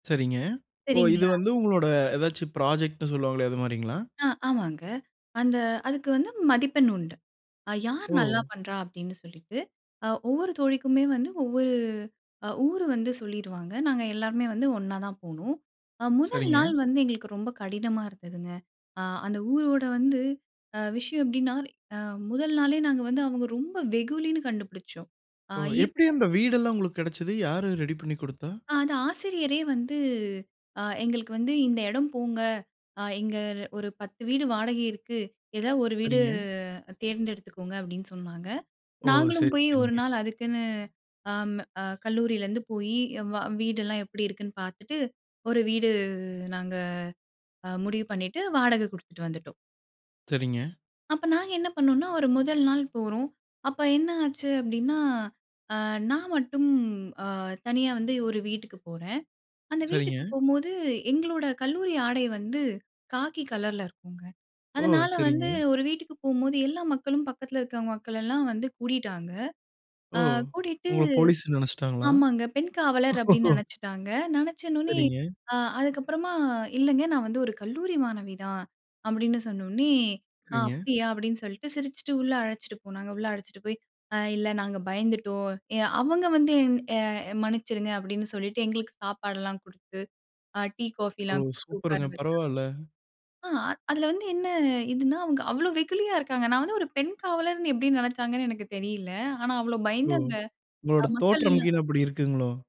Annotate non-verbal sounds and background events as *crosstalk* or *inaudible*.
சரிங்க. ஓ இது சரிங்களா. வந்து உங்களோட அதாச்சும் ப்ராஜெக்ட்ன்னு சொல்லுவாங்களே, அது மாதிரிங்களா? ஆ ஆமாங்க. அந்த அதுக்கு வந்து மதிப்பெண் உண்டு. அ யார் நல்லா ஓ! பண்ணுறா அப்படின்னு சொல்லிட்டு, அ ஒவ்வொரு தோழிக்குமே வந்து ஒவ்வொரு அ ஊர் வந்து சொல்லிடுவாங்க, நாங்க எல்லாருமே வந்து ஒன்னா தான் போனோம் முதல் சரிங்க. நாள் வந்து எங்களுக்கு ரொம்ப கடினமா இருந்ததுங்க. அ அந்த ஊரோட வந்து அ விஷயம் எப்படின்னா அ முதல் நாளே நாங்க வந்து அவங்க ரொம்ப வெகுலின்னு கண்டுபிடித்தோம். ஆ ஓ! எப்படி அந்த *unintelligible* வீடுல்லாம் உங்களுக்கு கெடைத்தது? யாரு ரெடி பண்ணிக் குடுத்தா? ஆ அது ஆசிரியரே வந்து, அ எங்களுக்கு வந்து இந்த இடம் போங்க, அ இங்க ஒரு 10 வீடு வாடகை இருக்கு. ஏதாவது 1 வீடு சரிங்க. தேர்ந்தெடுத்துக்கோங்க அப்படின்னு சொன்னாங்க. ஓ! நாங்களும் சரி, போய் 1 சரிங்க. நாள் அதுக்குன்னு அ அ கல்லூரியிலேருந்து போய் வீடெல்லாம் எப்படி இருக்குன்னு பார்த்துட்டு ஒரு வீடு நாங்க முடிவு அ பண்ணிட்டு வாடக குடுத்துட்டு வந்துட்டோம். சரிங்க. அப்ப நாங்க என்ன பண்ணோம்ன்னா, ஒரு முதல் நாள் போறோம். அப்ப என்ன ஆச்சு அப்டின்னா, அ நான் மட்டும் அ தனியா வந்து ஒரு வீட்டுக்குப் போறேன். அந்த வீட்டுக்கு சரிங்க. போம்போது, எங்களோட கல்லூரி ஆடை வந்து, காக்கி கலர்ல இருக்குங்க. ஓ! அதனால வந்து சரிங்க. ஒரு வீட்டுக்கு போம்போது, எல்லா மக்களும் பக்கத்தில இருக்கிற மக்களெல்லாம் வந்து கூடிட்டாங்க. ஓ அ கூட்டிட்டு, உங்கள போலீஸ்ன்னு நெனைச்சுட்டாங்களா? ஆமாங்க பெண் காவலர் அப்டின்னு *chuckles* நெனைச்சுட்டாங்க. நெனைச்சனோனே, சரிங்க. அ அதுக்கப்புறமா "இல்லைங்க, நான் வந்து ஒரு கல்லூரி மாணவி தான்" அப்படின்னு சொன்னோனனே, "அ சரிங்க. அப்டியா?" அப்டின்னு சொல்ட்டு சிரிச்சுட்டு உள்ள அழைச்சிட்டு போனாங்க. உள்ள அழைச்சிட்டு போயி, அ இல்லை நாங்க பயந்துட்டோம். எ அவங்க வந்து எ "மன்னிச்சிருங்க" அப்படின்னு சொல்லிட்டு, எங்களுக்கு சாப்பாடுலாம் குடுத்து, அ டீ ஓ! காஃபிலாம் குடுத்து உட்கார சூப்பருங்க வச்சாங்க. பரவால்ல. ஆ, அதில வந்து என்னா இதுன்னா அவுங்க அவ்வளோ வெகுளியா இருக்காங்க. நான் வந்து ஒரு பெண் காவலர்ன்னு எப்டி நெனச்சாங்கன்னு எனக்குத் தெரியல்லை! ஆனா அவ்வளோ ஓ! பயந்து அந்த உங்களோட அ மக்கள் தோற்றம் எல்லாம் *unintelligible* அப்படி இருக்குங்களோ!